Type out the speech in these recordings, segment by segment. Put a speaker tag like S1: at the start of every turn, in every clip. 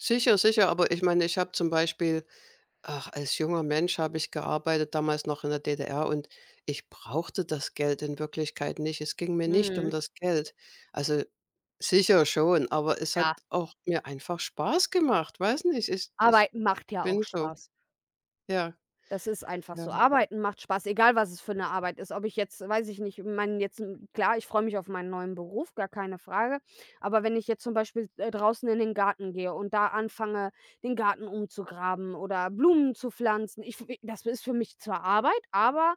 S1: Sicher, sicher, aber ich meine, ich habe zum Beispiel ach, als junger Mensch habe ich gearbeitet, damals noch in der DDR, und ich brauchte das Geld in Wirklichkeit nicht. Es ging mir nicht um
S2: Mhm.
S1: das Geld, also sicher schon, aber es hat
S2: Ja.
S1: auch mir einfach Spaß gemacht. Weiß nicht, ich ich
S2: Arbeiten macht ja auch
S1: bin so.
S2: Spaß.
S1: Ja.
S2: Das ist einfach
S1: Ja.
S2: so. Arbeiten macht Spaß, egal was es für 'ne Arbeit ist, ob ich jetzt weiß ich nicht ich meine jetzt, klar, ich freue mich auf meinen neuen Beruf, gar keine Frage, aber wenn ich jetzt zum Beispiel, äh, draußen in den Garten gehe und da anfange, den Garten umzugraben oder Blumen zu pflanzen, ich fi das ist für mich zwar Arbeit, aber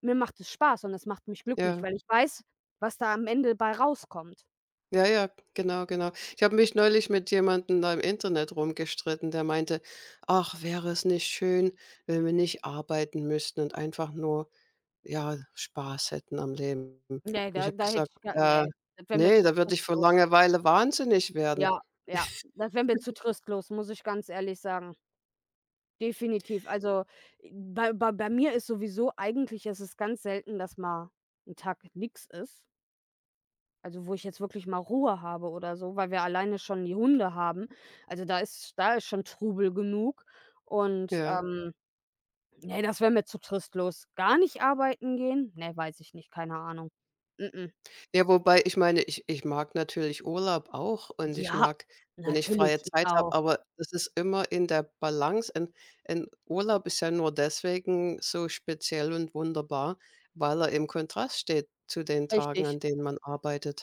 S2: mir macht es Spaß und es macht mich glücklich,
S1: Ja.
S2: weil ich weiß, was da am Ende bei rauskommt.
S1: Ja, ja, genau, genau. Ich habe mich neulich mit jemandem da im Internet rumgestritten, der meinte: „Ach, wäre es nicht schön, wenn wir nicht arbeiten müssten und einfach nur, ja, Spaß hätten am Leben?“, und
S2: Ne,
S1: ich
S2: da
S1: habe
S2: da hätte
S1: gesagt:
S2: ich gar
S1: „Äh,
S2: ne, das wär mir
S1: ne,
S2: zu
S1: da würde ich vor
S2: trostlos.
S1: Langeweile wahnsinnig werden.“
S2: Ja, ja, das wär mir zu trostlos, muss ich ganz ehrlich sagen. Definitiv. Also, äh, bei bei bei mir ist sowieso eigentlich ist es ganz selten, dass mal 'n Tag nix ist also, wo ich jetzt wirklich mal Ruhe habe oder so, weil wir alleine schon die Hunde haben. Also, da ist da ist schon Trubel genug und,
S1: Ja.
S2: ähm, ne, das wär mir zu trostlos. Gar nicht arbeiten gehen? Ne, weiß ich nicht, keine Ahnung. Mh mh.
S1: Ja, wobei ich meine, ich ich mag natürlich Urlaub auch und ich
S2: Ja,
S1: mag, wenn ich
S2: natürlich,
S1: freie
S2: ich
S1: Zeit habe,
S2: auch.
S1: aber es ist immer in der Balance. Ein ein Urlaub ist ja nur deswegen so speziell und wunderbar, weil er im Kontrast steht zu den Tagen,
S2: Richtig.
S1: an denen man arbeitet.